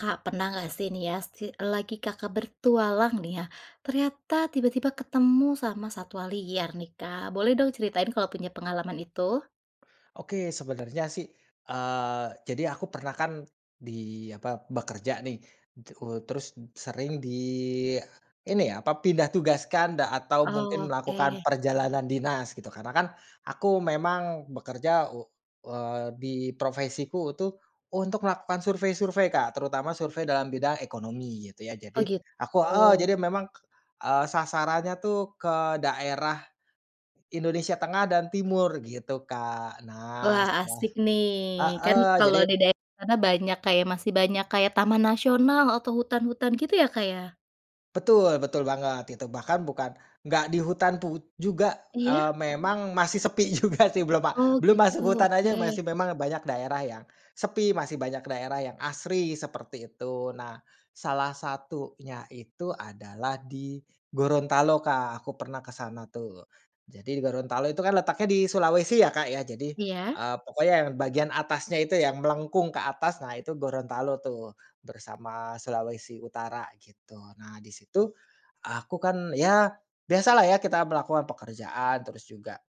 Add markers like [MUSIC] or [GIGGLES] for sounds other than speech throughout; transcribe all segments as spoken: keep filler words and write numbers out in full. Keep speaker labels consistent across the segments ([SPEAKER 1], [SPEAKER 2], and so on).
[SPEAKER 1] Kak pernah gak sih nih yas si lagi Kakak bertualang nih ya, ternyata tiba-tiba ketemu sama satwa liar nih Kak? Boleh dong ceritain kalau punya pengalaman itu.
[SPEAKER 2] Oke, sebenernya sih, eee, jadi aku pernah kan di apa, bekerja nih, teku terus sering di ini, apa, pindah tugaskan da atau mungkin melakukan
[SPEAKER 1] Oke.
[SPEAKER 2] perjalanan dinas gitu. Karena kan aku memang bekerja u eee, di profesiku itu untuk melakukan survei-survei Kak, terutama survei dalam bidang ekonomi, gitu ya. Jadi
[SPEAKER 1] Oh, gitu.
[SPEAKER 2] aku heeh, jadi memang, eee, sasarannya tuh ke daerah Indonesia tengah dan timur, gitu, Kak. Nah
[SPEAKER 1] Wah,
[SPEAKER 2] salah
[SPEAKER 1] asik nih, kan
[SPEAKER 2] hee,
[SPEAKER 1] kalau
[SPEAKER 2] jadi
[SPEAKER 1] di daerah sana banyak kayak masih banyak kayak taman nasional atau hutan-hutan gitu ya, Kak, ya?
[SPEAKER 2] Betul, betul banget gitu, bahkan bukan, nggak di hutan pu juga,
[SPEAKER 1] Iya.
[SPEAKER 2] eee, memang masih sepi juga, sih, belum ma
[SPEAKER 1] Oh,
[SPEAKER 2] belum
[SPEAKER 1] gitu,
[SPEAKER 2] masuk hutan aja masih
[SPEAKER 1] oke.
[SPEAKER 2] memang banyak daerah yang sepi, masih banyak daerah yang asri seperti itu. Nah, salah satunya itu adalah di Gorontalo Kak. Aku pernah ke sana tuh. Jadi di Gorontalo itu kan letaknya di Sulawesi ya, Kak, ya, jadi,
[SPEAKER 1] Iya.
[SPEAKER 2] eee, pokoknya yang bagian atasnya itu, yang melengkung ke atas, nah itu Gorontalo tuh, bersama Sulawesi Utara gitu. Nah, di situ, aku kan, ya biasalah ya kita melakukan pekerjaan, terus juga,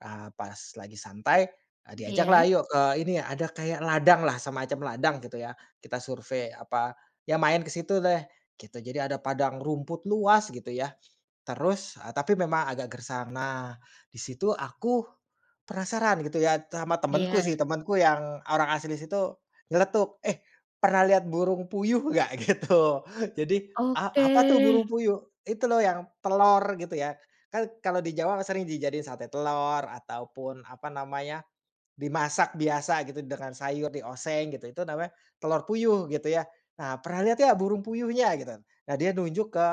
[SPEAKER 2] eee, pas lagi santai, eee, diajaklah,
[SPEAKER 1] Iya.
[SPEAKER 2] yuk ke ini, ada kayak ladanglah. Semacam ladang gitu ya. Kita survey, apa, ya main ke situ deh gitu. Jadi ada padang rumput luas gitu ya. Terus, eee, tapi memang agak gersang. Nah, di situ aku penasaran gitu ya, tama temenku sih.
[SPEAKER 1] Iya.
[SPEAKER 2] Temenku yang orang asli situ nyeletuk, "Eh, pernah lihat burung puyuh gak?" Gitu. Jadi,
[SPEAKER 1] Oke.
[SPEAKER 2] "A apa tuh burung puyuh?" "Itu loh yang telor." Gitu ya, "Kan kalau di Jawa, sering dijadiin sate telor ataupun apa namanya, dimasak biasa gitu dengan sayur, dioseng gitu. Itu namanya telur puyuh, gitu ya. Nah, pernah lihat gak burung puyuhnya?" Gitu. Nah, dia nunjuk ke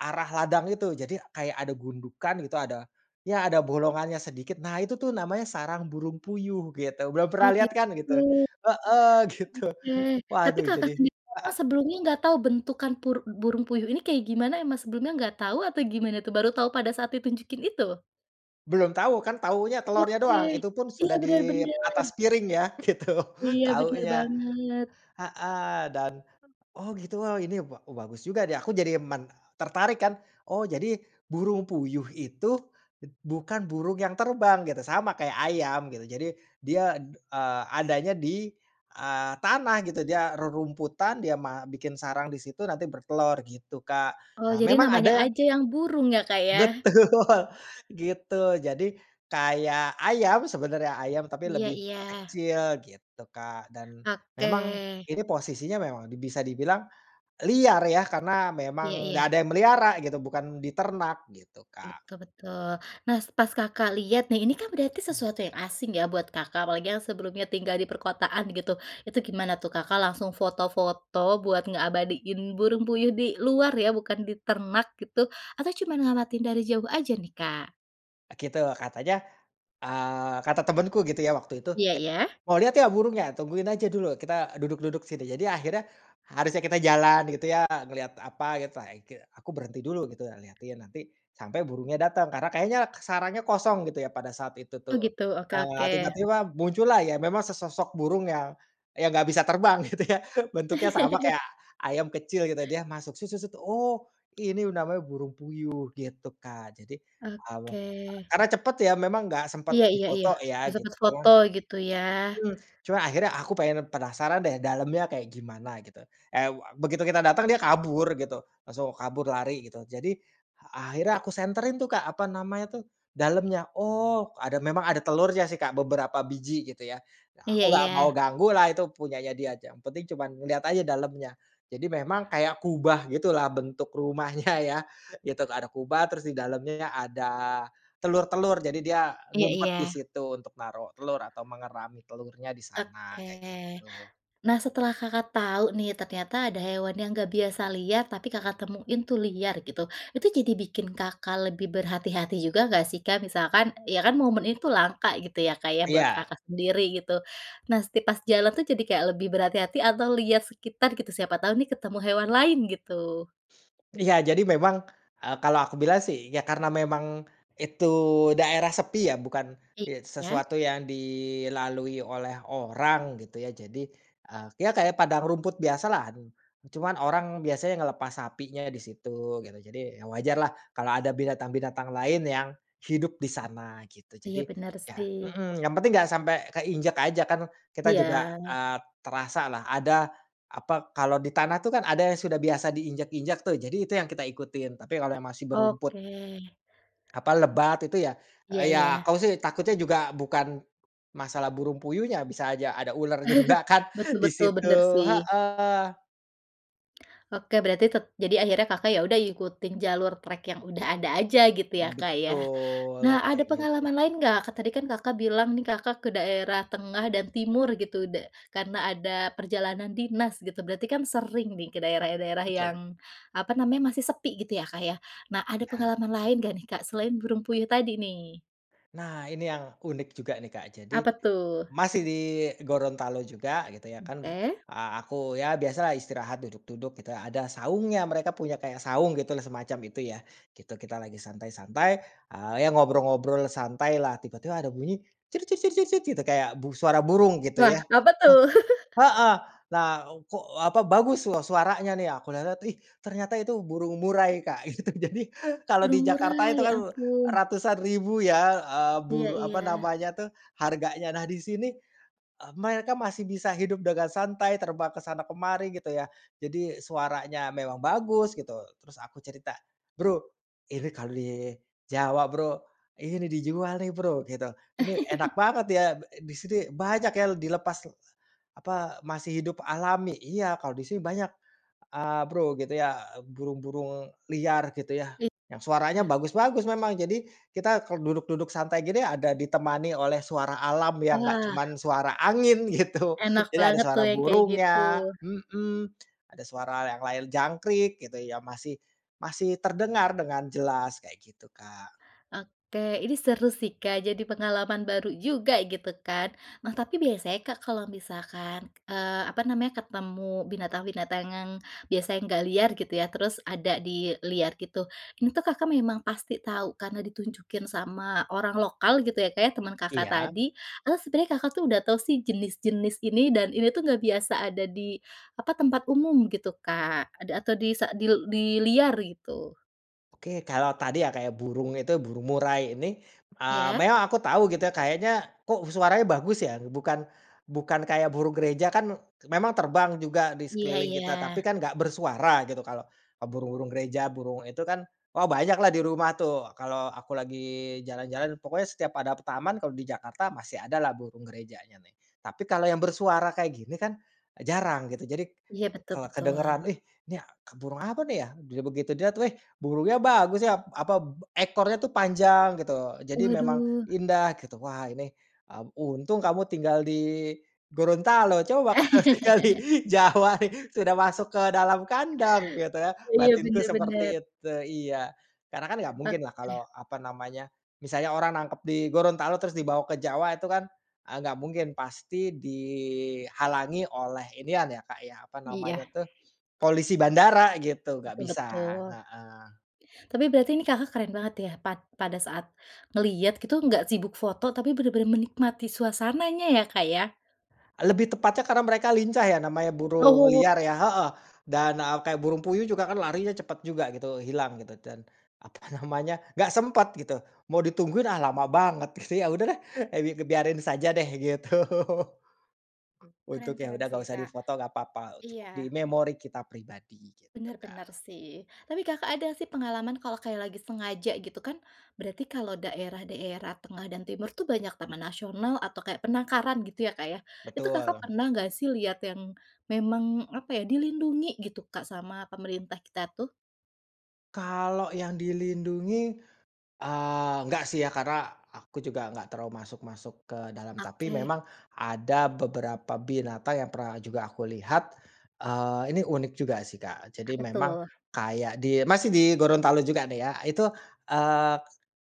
[SPEAKER 2] arah ladang itu. Jadi kayak ada gundukan gitu, ada, ya ada bolongannya sedikit. "Nah, itu tuh namanya sarang burung puyuh, gitu. Belum
[SPEAKER 1] Oh
[SPEAKER 2] pernah lihat kan?"
[SPEAKER 1] gitu.
[SPEAKER 2] Gitu. Heeh, gitu.
[SPEAKER 1] Oke. Tapi
[SPEAKER 2] Waduh,
[SPEAKER 1] Kakak
[SPEAKER 2] jadi
[SPEAKER 1] sendiri memang
[SPEAKER 2] heeh.
[SPEAKER 1] sebelumnya nggak tahu bentukan pur burung puyuh ini kayak gimana, emang sebelumnya nggak tahu atau gimana tuh? Baru tau pada saat ditunjukin itu?
[SPEAKER 2] Belum tau, kan taunya telornya
[SPEAKER 1] Oke.
[SPEAKER 2] doang. Itu pun
[SPEAKER 1] Iya,
[SPEAKER 2] sudah
[SPEAKER 1] bener
[SPEAKER 2] di
[SPEAKER 1] bener.
[SPEAKER 2] atas piring ya, gitu
[SPEAKER 1] Iya, bener
[SPEAKER 2] taunya.
[SPEAKER 1] banget.
[SPEAKER 2] Heeh, dan, oh, gitu, oh, ini ba bagus juga nih. Aku jadi men tertarik kan. Oh, jadi burung puyuh itu bukan burung yang terbang gitu, sama kayak ayam gitu, jadi dia, d eee, adanya di, eee, tanah gitu, dia rerumputan, dia ma bikin sarang di situ, nanti bertelor gitu Kak.
[SPEAKER 1] Oh,
[SPEAKER 2] Nah,
[SPEAKER 1] jadi
[SPEAKER 2] memang
[SPEAKER 1] namanya
[SPEAKER 2] ada yang
[SPEAKER 1] aja yang burung ya, Kak, ya.
[SPEAKER 2] Betul gitu. Jadi, kayak ayam sebenarnya, ayam, tapi
[SPEAKER 1] Iya
[SPEAKER 2] lebih
[SPEAKER 1] iya.
[SPEAKER 2] kecil gitu Kak, dan memang
[SPEAKER 1] Oke.
[SPEAKER 2] ini posisinya memang di bisa dibilang liar ya karena
[SPEAKER 1] Iya
[SPEAKER 2] memang
[SPEAKER 1] iya.
[SPEAKER 2] gak ada yang melihara gitu, bukan di ternak gitu Kak.
[SPEAKER 1] Betul betul. Nas pas Kakak lihat nih, ini kan berarti
[SPEAKER 2] Mmm.
[SPEAKER 1] sesuatu yang asing ya buat Kakak, apalagi yang sebelumnya tinggal di perkotaan gitu, itu gimana tuh Kakak langsung foto-foto buat ngeabadiin burung puyuh di luar ya, bukan di ternak gitu, atau cuman ngamatin dari jauh aja nih Kak?
[SPEAKER 2] Eee, kitu katanya, eee, kata temanku gitu ya waktu itu,
[SPEAKER 1] Iya
[SPEAKER 2] "Eh,
[SPEAKER 1] iya.
[SPEAKER 2] mau lihat nggak burungnya? Tungguin aja dulu. Kita duduk-duduk sini." Jadi akhirnya, harusnya kita jalan gitu ya, ngelihat apa gitu ake aku berhenti dulu gitu, liatin nanti sampai burungnya datang. Karena kayaknya sarangnya kosong gitu ya pada saat itu
[SPEAKER 1] Oh,
[SPEAKER 2] tuh.
[SPEAKER 1] gitu, oke
[SPEAKER 2] Nah,
[SPEAKER 1] oke.
[SPEAKER 2] tiba-tiba muncullah ya memang sesosok burung yang yang nggak bisa terbang, gitu ya. Bentuknya sama
[SPEAKER 1] [CHUCKLES]
[SPEAKER 2] kayak ayam kecil gitu. Dia masuk se se set, oh, ini namanya burung puyuh, gitu Kak. Jadi, eee,
[SPEAKER 1] Oke.
[SPEAKER 2] karena cepet ya memang nggak sempat
[SPEAKER 1] Iya iya iya,
[SPEAKER 2] difoto ya
[SPEAKER 1] nggak
[SPEAKER 2] git,
[SPEAKER 1] sempet
[SPEAKER 2] cuman
[SPEAKER 1] foto gitu ya.
[SPEAKER 2] mhm. Cuma akhirnya aku pengen, penasaran deh, dalemnya kayak gimana gitu. Eee, begitu kita datang, dia kabur gitu. Langsung kabur lari gitu. Jadi akhirnya aku senterin tuh Kak, apa namanya tuh dalemnya. Oh, ada memang ada telurnya sih Kak, beberapa biji gitu ya.
[SPEAKER 1] Iya
[SPEAKER 2] Aku nggak mau
[SPEAKER 1] iya.
[SPEAKER 2] ganggulah, itu punyanya dia ja, yang penting cuman lihat aja dalamnya. Jadi memang kayak kubah gitulah bentuk rumahnya ya. Itu ada kubah, terus di dalamnya ada telur-telur. Jadi dia
[SPEAKER 1] Iya
[SPEAKER 2] ngumpet
[SPEAKER 1] iya.
[SPEAKER 2] di situ untuk naruh telur atau mengerami telurnya di sana, kayak
[SPEAKER 1] Oke.
[SPEAKER 2] gitu.
[SPEAKER 1] Nah, setelah Kakak tahu nih ternyata ada hewan yang gak biasa liar, tapi Kakak temuin tuh liar gitu, itu jadi bikin Kakak lebih berhati-hati juga enggak sih Kak? Misalkan ya kan momen itu langka gitu ya, Kak, ya, buat
[SPEAKER 2] Iya.
[SPEAKER 1] Kakak sendiri gitu. Nas ti pas jalan tuh jadi kayak lebih berhati-hati atau lihat sekitar gitu, siapa tahu nih ketemu hewan lain gitu.
[SPEAKER 2] Iya, jadi memang, eee, kalau aku bilang sih ya karena memang itu daerah sepi ya, bukan ye
[SPEAKER 1] Iya.
[SPEAKER 2] sesuatu yang dilalui oleh orang gitu ya. Jadi, eee, ya kayak padang rumput biasalah, cuman orang biasanya ngelepas sapinya di situ, gitu, jadi ya wajarlah kalau ada binatang-binatang lain yang hidup di sana gitu.
[SPEAKER 1] Iya,
[SPEAKER 2] Jadi,
[SPEAKER 1] benar
[SPEAKER 2] ya
[SPEAKER 1] sih.
[SPEAKER 2] mhm, yang penting gak sampe keinjek aja, kan kita juga,
[SPEAKER 1] Iya.
[SPEAKER 2] eee, terasalah. Ada, apa, kalau di tanah tuh kan ada yang sudah biasa diinjak-injak tuh. Jadi itu yang kita ikutin. Tapi kalau yang masih berumput
[SPEAKER 1] Oke.
[SPEAKER 2] apa lebat itu ya,
[SPEAKER 1] Iya
[SPEAKER 2] eee, ya
[SPEAKER 1] iya.
[SPEAKER 2] aku sih takutnya juga bukan masalah burung puyuhnya, bisa aja ada uler juga
[SPEAKER 1] [CHUCKLES]
[SPEAKER 2] kan
[SPEAKER 1] Betul
[SPEAKER 2] di
[SPEAKER 1] betul,
[SPEAKER 2] situ
[SPEAKER 1] bener sih.
[SPEAKER 2] heeh.
[SPEAKER 1] Oke, berarti tep jadi akhirnya Kakak ya udah ikutin jalur trek yang udah ada aja gitu ya, Kak, ya.
[SPEAKER 2] Betul,
[SPEAKER 1] Nah, ada
[SPEAKER 2] kayak gitu.
[SPEAKER 1] pengalaman lain enggak? Kan tadi kan Kakak bilang nih Kakak ke daerah tengah dan timur gitu, da karena ada perjalanan dinas gitu, berarti kan sering nih ke daerah-daerah
[SPEAKER 2] Betul.
[SPEAKER 1] yang apa namanya, masih sepi gitu ya, Kak, ya. Nah, ada
[SPEAKER 2] Iya.
[SPEAKER 1] pengalaman lain enggak nih Kak selain burung puyuh tadi nih?
[SPEAKER 2] Nah, ini yang unik juga nih, Kak. Jadi,
[SPEAKER 1] Apa, tuh?
[SPEAKER 2] masih di Gorontalo juga, gitu ya, kan.
[SPEAKER 1] Oke.
[SPEAKER 2] A aku, ya biasalah, istirahat, duduk-duduk, gitu, ada saungnya, mereka punya kayak saung, gitu lah, semacam itu, ya, gitu. Kita lagi santai-santai, eee, ya ngobrol-ngobrol santai, lah. Tiba-tiba ada bunyi, cir cit cit cit cit, gitu, kayak bu suara burung, gitu
[SPEAKER 1] Wah,
[SPEAKER 2] ya
[SPEAKER 1] apa tuh?
[SPEAKER 2] he
[SPEAKER 1] [GIGGLES]
[SPEAKER 2] heeh! Lah, kok, apa, bagus sua suaranya, nih! Aku lihat-lihat, ih! Ternyata itu burung murai, Kak, gitu. Jadi, kalau
[SPEAKER 1] Burung
[SPEAKER 2] di Jakarta
[SPEAKER 1] murai,
[SPEAKER 2] itu
[SPEAKER 1] ya
[SPEAKER 2] kan,
[SPEAKER 1] ampun.
[SPEAKER 2] ratusan ribu, ya, eee,
[SPEAKER 1] Iya
[SPEAKER 2] buru
[SPEAKER 1] iya.
[SPEAKER 2] apa namanya tuh, harganya. Nah, di sini, eee, mereka masih bisa hidup dengan santai, terbang ke sana ke mari, gitu ya. Jadi, suaranya memang bagus, gitu. Terus aku cerita, "Bro, ini kalau di, Jawa, Bro, ini dijual nih, Bro," gitu. "Ini,
[SPEAKER 1] [CHUCKLES]
[SPEAKER 2] enak banget, ya. Ba di sini banyak ya, l dilepas l apa, masih hidup alami." "Iya, kalau di sini banyak, eee, Bro," gitu ya, "burung-burung liar," gitu ya,
[SPEAKER 1] Li
[SPEAKER 2] "yang suaranya
[SPEAKER 1] ah.
[SPEAKER 2] bagus-bagus, memang. Jadi, kita, kalau duduk-duduk santai gini, ada ditemani oleh suara alam, yang nggak
[SPEAKER 1] Wah.
[SPEAKER 2] cuman suara angin," gitu.
[SPEAKER 1] Enak
[SPEAKER 2] Jadi ada
[SPEAKER 1] banget tuh,
[SPEAKER 2] suara
[SPEAKER 1] yang kayak gitu.
[SPEAKER 2] burungnya mhm, [TSK] ada suara yang lain, jangkrik, gitu ya. Masih masih terdengar, dengan jelas. Kayak gitu, Kak.
[SPEAKER 1] Oke. Ini seru sih, Kak, jadi pengalaman baru juga, gitu kan. Nah, tapi biasanya, Kak, kalau misalkan, eee, apa namanya, ketemu binatang-binatang ngang biasanya nggak liar, gitu ya, terus ada di liar gitu, ini tuh, Kakak memang pasti tahu karena ditunjukin sama orang lokal, gitu ya, Kak, ya, temen Kakak
[SPEAKER 2] Iya?
[SPEAKER 1] tadi, atau sebenarnya Kakak tuh, udah tahu sih, jenis-jenis ini, dan ini tuh nggak biasa ada di, apa, tempat umum, gitu Kak, ada atau di sa di l di liar, gitu?
[SPEAKER 2] Oke, kalau tadi ya, Kak, ya. Burung itu, burung murai ini, eee,
[SPEAKER 1] Iya.
[SPEAKER 2] meang aku tau, gitu ya. Kayaknya, kok, suaranya bagus, ya? Bukan bukan kayak burung gereja, kan, k memang terbang juga, di
[SPEAKER 1] Iya
[SPEAKER 2] sekeliling kita, tapi
[SPEAKER 1] iya.
[SPEAKER 2] kan nggak bersuara, gitu, kalau, eee, burung-burung gereja, burung itu, kan, wah, banyaklah di rumah, tuh, kalau aku lagi jalan-jalan. Pokoknya setiap ada p taman, kalau di Jakarta, masih ada lah, burung gerejanya, nih. Tapi, kalau yang bersuara kayak gini kan, e jarang, gitu. jadik,
[SPEAKER 1] Iya, betul
[SPEAKER 2] kalau
[SPEAKER 1] betul.
[SPEAKER 2] kedengaran, "Wih, nih a k burung apa nih ya?" Dili begitu dilihat, "Weh! Burungnya bagus, ya!" apa, b ekornya tuh panjang, gitu. Jadi memang
[SPEAKER 1] Waduh.
[SPEAKER 2] indah, gitu. "Wah, ini," mmm, "untung kamu tinggal di Gorontalo. Coba kalau tinggal di
[SPEAKER 1] [LAUGHS]
[SPEAKER 2] Jawa, nih, sudah masuk ke dalam kandang," gitu ya.
[SPEAKER 1] Iya,
[SPEAKER 2] Batinku
[SPEAKER 1] benar benar.
[SPEAKER 2] seperti itu iya. Karena kan, nggak mungkinlah
[SPEAKER 1] Oke.
[SPEAKER 2] kalau, apa namanya, misalnya orang nangkep di Gorontalo, terus dibawa ke Jawa, itu kan, eee, nggak mungkin. Pasti dihalangi oleh inian, ya Kak, ya, apa
[SPEAKER 1] Iya.
[SPEAKER 2] namanya tuh, polisi bandara, gitu. Nggak
[SPEAKER 1] Betul
[SPEAKER 2] bisa,
[SPEAKER 1] betul.
[SPEAKER 2] heeh.
[SPEAKER 1] Tapi berarti ini Kakak keren banget, ya. Pad pada saat ngeliat, gitu, nggak sibuk foto, tapi benar-benar menikmati suasananya, ya Kak, ya?
[SPEAKER 2] Lebih tepatnya karena mereka lincah, ya, namanya burung
[SPEAKER 1] Oh.
[SPEAKER 2] liar ya heeh. Dan, eee, kayak burung puyuh juga kan larinya cepat juga, gitu, hilang, gitu. Dan, apa namanya, nggak sempat, gitu. Mau ditungguin, "Ah, lama banget," gitu. Ya udah deh! Eh bi ngebiarin saja deh, gitu.
[SPEAKER 1] Keren
[SPEAKER 2] Untuk, ya
[SPEAKER 1] keren
[SPEAKER 2] udah, nggak
[SPEAKER 1] sih,
[SPEAKER 2] usah
[SPEAKER 1] Kak.
[SPEAKER 2] difoto, nggak papa. Cukup di
[SPEAKER 1] Iya.
[SPEAKER 2] memori kita pribadi, gitu,
[SPEAKER 1] Benar benar,
[SPEAKER 2] Kak.
[SPEAKER 1] sih. Tapi Kakak ada sih pengalaman, kalau kayak lagi sengaja gitu, kan, berarti kalau daerah-daerah tengah dan timur tuh, banyak taman nasional atau kayak penangkaran, gitu ya, Kak, ya. Itu Kakak
[SPEAKER 2] Betul.
[SPEAKER 1] pernah nggak sih, lihat yang memang, apa ya, dilindungi, gitu, Kak, sama pemerintah kita, tuh?
[SPEAKER 2] Kalau yang dilindungi, eee, nggak sih ya, karena aku juga ngga terlalu masuk-masuk ke dalam. Tapi
[SPEAKER 1] Oke.
[SPEAKER 2] memang ada beberapa binatang yang pernah juga aku lihat, eee, ini unik juga sih Kak. Jadi
[SPEAKER 1] Apa
[SPEAKER 2] memang
[SPEAKER 1] tuh?
[SPEAKER 2] kayak di masih di Gorontalo juga nih ya itu, eee,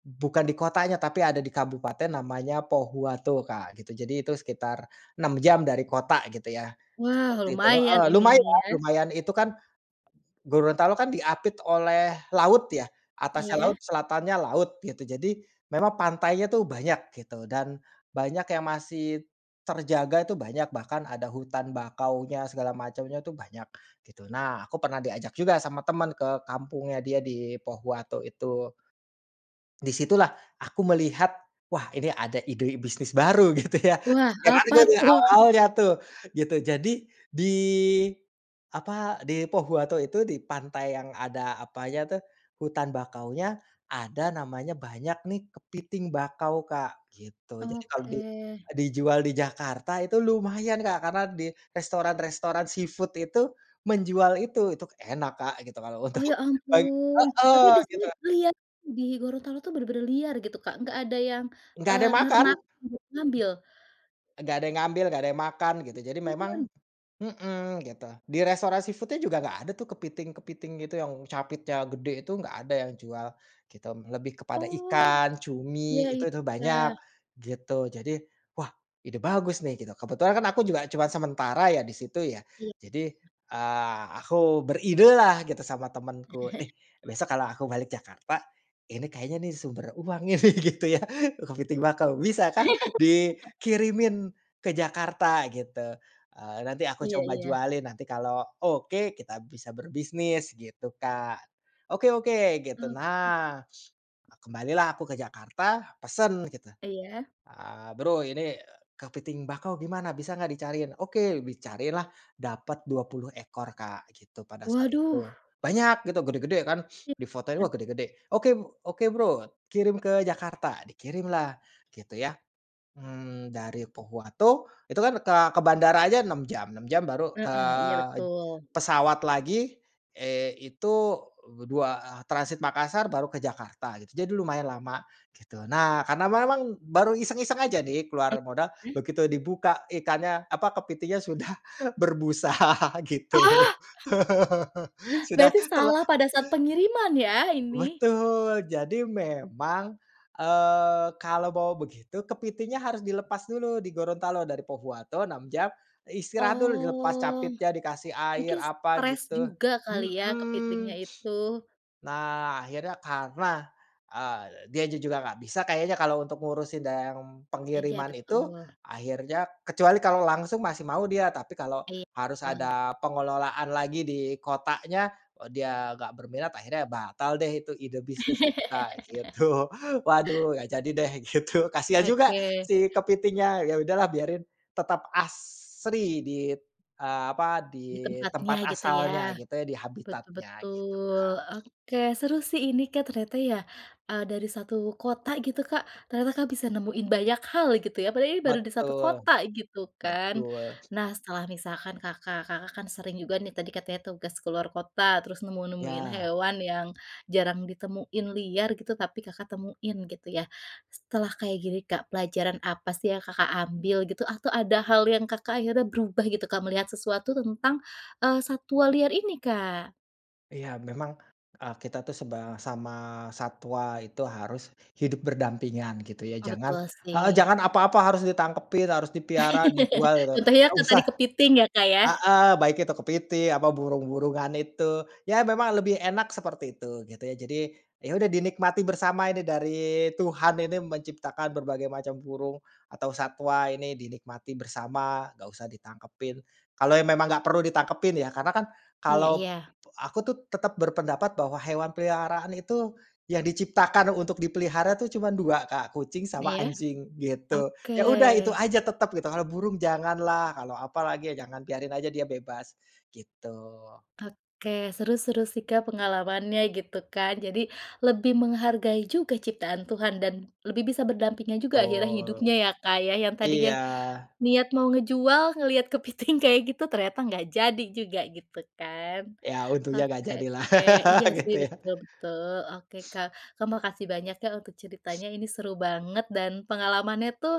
[SPEAKER 2] bukan di kotanya tapi ada di Kabupaten namanya Pohuwato Kak gitu, jadi itu sekitar enam jam dari kota gitu ya
[SPEAKER 1] Wah,
[SPEAKER 2] seperti itu
[SPEAKER 1] lumayan
[SPEAKER 2] heeh,
[SPEAKER 1] ini nih
[SPEAKER 2] lumayan
[SPEAKER 1] ya.
[SPEAKER 2] lumayan itu kan, Gorontalo kan diapit oleh laut ya. Atasnya laut,
[SPEAKER 1] Iya.
[SPEAKER 2] selatannya laut gitu. Jadi memang pantainya tuh banyak gitu. Dan banyak yang masih terjaga tuh banyak, bahkan ada hutan bakaunya segala macamnya tuh banyak gitu. Nah aku pernah diajak juga sama teman ke kampungnya dia di Pohuwato itu. Di situlah aku melihat, wah ini ada ide bisnis baru gitu ya.
[SPEAKER 1] Wah apa
[SPEAKER 2] [UNINTELLIGIBLE]
[SPEAKER 1] tuh?
[SPEAKER 2] awalnya tuh, gitu. Jadi di apa, di Pohuwato itu, di pantai yang ada apanya tuh, hutan bakaunya, ada namanya banyak nih, kepiting bakau Kak gitu. Jadi kalau di
[SPEAKER 1] Oke.
[SPEAKER 2] dijual di Jakarta itu lumayan Kak karena di restoran-restoran seafood itu menjual itu. Itu k enak Kak gitu kalau untuk
[SPEAKER 1] Oh ya
[SPEAKER 2] beng
[SPEAKER 1] ampun, tapi
[SPEAKER 2] heeh.
[SPEAKER 1] di
[SPEAKER 2] Gitu
[SPEAKER 1] sini
[SPEAKER 2] Kak.
[SPEAKER 1] lihat di Gorontalo tuh benar-benar liar gitu Kak? Nggak ada yang,
[SPEAKER 2] Gak ada
[SPEAKER 1] eee,
[SPEAKER 2] yang makan.
[SPEAKER 1] nernak [UNINTELLIGIBLE] ngambil?
[SPEAKER 2] Gak ada yang ngambil, gak ada yang makan gitu. Jadi memang
[SPEAKER 1] Empun.
[SPEAKER 2] mhm gitu. Di restoran seafood-nya juga gak ada tuh kepiting kepiting gitu yang capitnya gede itu, gak ada yang jual gitu. Lebih kepada
[SPEAKER 1] Oh.
[SPEAKER 2] ikan,
[SPEAKER 1] Iya
[SPEAKER 2] cumi, itu itu banyak
[SPEAKER 1] iya.
[SPEAKER 2] gitu. Jadi wah ide bagus nih gitu. Kebetulan kan aku juga cuma sementara ya di situ ya.
[SPEAKER 1] Iy
[SPEAKER 2] Jadi, eee, aku beridelah gitu sama temenku, "Nih
[SPEAKER 1] [CHUCKLES]
[SPEAKER 2] besok kalau aku balik Jakarta, ini kayaknya nih sumber uang nih," gitu ya. Kepiting bakau, "Bisakah
[SPEAKER 1] [LAUGHS]
[SPEAKER 2] dikirimin ke Jakarta," gitu, eee, "nanti aku
[SPEAKER 1] Iya
[SPEAKER 2] coba
[SPEAKER 1] iya.
[SPEAKER 2] jualin, nanti kalau oke, kita bisa berbisnis," gitu Kak. "Oke oke," gitu.
[SPEAKER 1] Oke.
[SPEAKER 2] Nah, kembalilah aku ke Jakarta, pesen gitu.
[SPEAKER 1] Iya.
[SPEAKER 2] Eee, "Bro ini kepiting bakau gimana, bisa gak dicariin? Oke," dicariinlah. Dapet dua puluh ekor, Kak, gitu, pada saat
[SPEAKER 1] Waduh!
[SPEAKER 2] itu. Banyak gitu, gede-gede kan. [SNIFFS] Difotoin, wah
[SPEAKER 1] [UNINTELLIGIBLE]
[SPEAKER 2] gede-gede. "Oke b oke Bro, kirim ke Jakarta." Dikirimlah, gitu ya. Mmm, dari Pohuwato. Itu kan ke ke bandara aja enam jam. enam jam baru ke
[SPEAKER 1] Heeh. Iya betul.
[SPEAKER 2] pesawat lagi, eee, itu dua, transit Makassar baru ke Jakarta gitu. Jadi lumayan lama. Gitu. Nah, karena memang baru iseng-iseng aja nih, keluar modal.
[SPEAKER 1] [UNINTELLIGIBLE]
[SPEAKER 2] Begitu dibuka ikannya, apa, kepitingnya sudah berbusa gitu.
[SPEAKER 1] Ah!
[SPEAKER 2] Sudah
[SPEAKER 1] Berarti
[SPEAKER 2] ter
[SPEAKER 1] salah pada saat pengiriman ya ini?
[SPEAKER 2] betul. Jadi memang, eee, kalau bawa begitu, kepitingnya harus dilepas dulu di Gorontalo, dari Pohuwato enam jam, istirahat dulu dilepas
[SPEAKER 1] Oh.
[SPEAKER 2] capitnya, dikasih air
[SPEAKER 1] Mungkin
[SPEAKER 2] apa,
[SPEAKER 1] stres
[SPEAKER 2] gitu.
[SPEAKER 1] juga kali ya,
[SPEAKER 2] Mhm.
[SPEAKER 1] kepitingnya itu.
[SPEAKER 2] [SNIFFS] Nah, akhirnya karena, eee, dianya juga nggak bisa kayaknya kalau untuk ngurusin dan
[SPEAKER 1] Eja
[SPEAKER 2] pengiriman itu,
[SPEAKER 1] betul.
[SPEAKER 2] akhirnya kecuali kalau langsung masih mau dia, tapi kalau
[SPEAKER 1] Iy
[SPEAKER 2] harus
[SPEAKER 1] tul.
[SPEAKER 2] ada pengelolaan lagi di kotanya, eee, dia nggak berminat, akhirnya batal deh itu ide bisnis itu Kak,
[SPEAKER 1] [CHUCKLES]
[SPEAKER 2] gitu. Waduh, gak jadi deh gitu. Kasihan juga
[SPEAKER 1] Oke.
[SPEAKER 2] si kepitingnya. Ya udahlah biarin. Tetap asri di, eee, apa,
[SPEAKER 1] Di
[SPEAKER 2] di
[SPEAKER 1] tempatnya
[SPEAKER 2] tempat
[SPEAKER 1] gitu ya.
[SPEAKER 2] asalnya gitu ya, di
[SPEAKER 1] Betul
[SPEAKER 2] habitatnya gitu
[SPEAKER 1] betul.
[SPEAKER 2] Kak.
[SPEAKER 1] Oke, seru sih ini Kak ternyata ya, eee, dari satu kota gitu Kak ternyata Kak bisa nemuin banyak hal gitu ya, padahal ini baru di satu
[SPEAKER 2] Betul.
[SPEAKER 1] kota gitu kan.
[SPEAKER 2] Betul.
[SPEAKER 1] Nah setelah misalkan Kakak, Kakak kan sering juga nih tadi katanya tugas keluar kota, terus nemu-nemuin
[SPEAKER 2] Iya.
[SPEAKER 1] hewan yang jarang ditemuin, liar gitu, tapi Kakak temuin gitu ya. Setelah kayak gini Kak, pelajaran apa sih yang Kakak ambil gitu? Atau ada hal yang Kakak akhirnya berubah gitu Kak melihat sesuatu tentang, eee, satwa liar ini Kak?
[SPEAKER 2] Iya, memang, eee, kita itu sebang sama satwa itu harus hidup berdampingan, gitu, ya.
[SPEAKER 1] Oh,
[SPEAKER 2] Jangan
[SPEAKER 1] betul,
[SPEAKER 2] heeh,
[SPEAKER 1] sih.
[SPEAKER 2] jangan apa-apa harus ditangkepin, harus dipiara, dijual, gitu,
[SPEAKER 1] [LAUGHS] Contohnya
[SPEAKER 2] nggak
[SPEAKER 1] ke
[SPEAKER 2] usah.
[SPEAKER 1] tadi kepiting, ya, Kak, ya.
[SPEAKER 2] Heeh, baik itu kepitiing, apa burung-burungan itu. Ya, memang lebih enak seperti itu, gitu, ya. Jadi, ya, udah dinikmati bersama ini dari Tuhan ini menciptakan berbagai macam burung, atau satwa ini dinikmatin bersama. Nggak usah ditangkepin. Kalau yang memang nggak perlu ditangkepin, ya, karena, kan,
[SPEAKER 1] Iya
[SPEAKER 2] kalau
[SPEAKER 1] iya.
[SPEAKER 2] aku, tuh, tetap berpendapat bahwa hewan peliharaan itu yang diciptakan untuk dipelihara, tuh, cuma dua, Kak, kucing sama
[SPEAKER 1] Iya,
[SPEAKER 2] anjing, gitu.
[SPEAKER 1] oke.
[SPEAKER 2] Ya, udah, itu aja, tetap, gitu. Kalau burung janganlah, kalau apalagi jangan, biarin aja dia bebas, gitu.
[SPEAKER 1] Oke, seru seru, sih, Kak, pengalamannya, gitu, kan, jadi lebih menghargai juga ciptaan Tuhan dan lebih bisa berdampingan juga akhirnya
[SPEAKER 2] Betul.
[SPEAKER 1] hidupnya, ya, Kak, ya, yang tadinya
[SPEAKER 2] Iya.
[SPEAKER 1] niat mau ngejual, ngelihat kepiting kayak gitu ternyata nggak jadi juga, gitu, kan.
[SPEAKER 2] Ya, untungnya nggak
[SPEAKER 1] Oke
[SPEAKER 2] jadi, lah,
[SPEAKER 1] oke, iya,
[SPEAKER 2] [LAUGHS]
[SPEAKER 1] sih,
[SPEAKER 2] gitu, ya.
[SPEAKER 1] betul betul, oke, Kak. Kak, makasih banyak, ya, untuk ceritanya, ini seru banget, dan pengalamannya, tuh,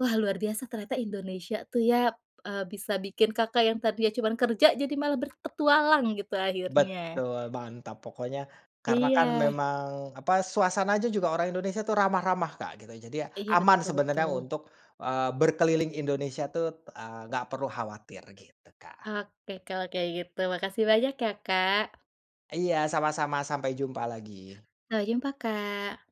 [SPEAKER 1] wah, luar biasa ternyata Indonesia, tuh, ya, eee, bisa bikin Kakak yang tadinya cuman kerja jadi malah berpetualang, gitu, akhirnya.
[SPEAKER 2] Betul, mantap pokoknya. Karena, kan,
[SPEAKER 1] Iya.
[SPEAKER 2] memang, apa, suasana aja juga orang Indonesia itu ramah-ramah, Kak, gitu. Jadi, ya,
[SPEAKER 1] Iya,
[SPEAKER 2] aman
[SPEAKER 1] betul
[SPEAKER 2] sebenarnya
[SPEAKER 1] betul.
[SPEAKER 2] untuk eee, berkeliling Indonesia, tuh, eee, nggak perlu khawatir, gitu, Kak.
[SPEAKER 1] Oke, kalau kayak gitu, makasih banyak, ya, Kak.
[SPEAKER 2] Iya, sama-sama, sampai jumpa lagi.
[SPEAKER 1] Sampai jumpa, Kak.